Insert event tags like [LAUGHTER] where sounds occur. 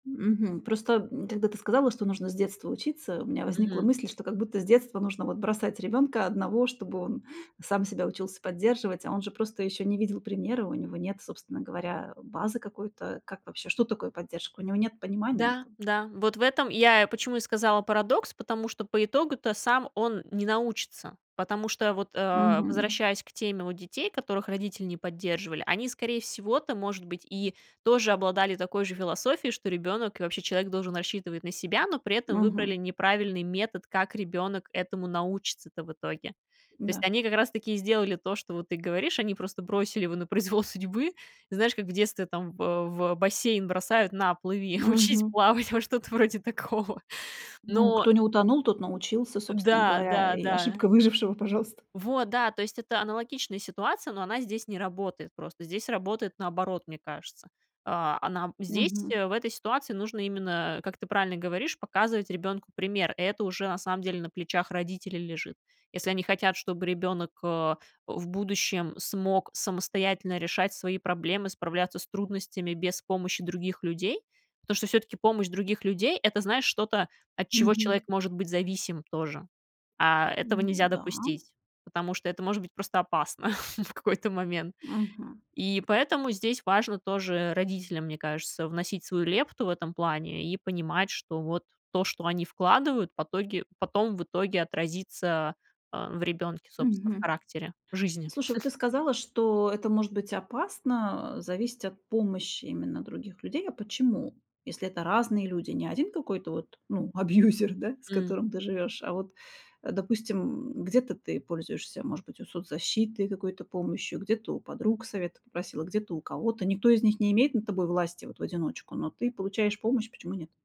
Мгм. Просто, м, когда ты сказала, что нужно с детства учиться, у меня возникла Мгм. мысль, что как будто с детства нужно вот бросать ребёнка 1, чтобы он сам себя учился поддерживать, а он же просто ещё не видел примера, у него нет, собственно говоря, базы какой-то. Как вообще, что такое поддержка? У него нет понимания Да, этого. да, вот в этом я и почему и сказала: "Парадокс"- потому что по итогу-то сам он не научится, потому что вот, а, Мгм. возвращаясь к теме вот детей, которых родители не поддерживали, они, скорее всего-то, может быть, и тоже обладали такой же философией, что ребёнок, и вообще человек, должен рассчитывать на себя, но при этом Мгм. выбрали неправильный метод, как ребёнок этому научится-то в итоге. То есть М-да. они как раз-таки и сделали то, что вот ты говоришь: они просто бросили его на произвол судьбы. И знаешь, как в детстве там, во в бассейн бросают: "На, плыви, учись Мгм. плавать"- во, что-то вроде такого. Ну, Но кто не утонул, тот научился, Э, собственно да, говоря. да, И да. ошибка выжившего, пожалуйста. Вот да, то есть это аналогичная ситуация, но она здесь не работает просто. Здесь работает наоборот, мне кажется. А, а нам здесь, Мгм. э, в этой ситуации нужно именно, как ты правильно говоришь, показывать ребёнку пример. Это уже, на самом деле, на плечах родителей лежит. Если они хотят, чтобы ребёнок, э, в будущем смог самостоятельно решать свои проблемы, справляться с трудностями без помощи других людей. Потому что всё-таки помощь других людей- это, знаешь, что-то, от чего Мгм. человек может быть зависим тоже. А этого Ну нельзя да. допустить, потому что это может быть просто опасно [CHUCKLES] в какой-то момент. Мгм. И поэтому здесь важно тоже родителям, мне кажется, вносить свою лепту в этом плане и понимать, что вот то, что они вкладывают, потоге потом в итоге отразится, а, в ребёнке, собственно, в Мгм. характере, жизни. Слушай, вот ты [CHUCKLES] сказала, что это может быть опасно, а, зависеть от помощи именно других людей. А почему? Если это разные люди. Не 1 какой-то вот, ну, абьюзер, да, с М. которым ты живешь, а вот, а допустим, м, где-то ты пользуешься, может быть, вот соцзащитой, какой-то помощью, где-то у подруг совета попросила, где-то у кого-то. Никто из них не имеет над тобой власти вот в одиночку, но ты получаешь помощь. Почему нет?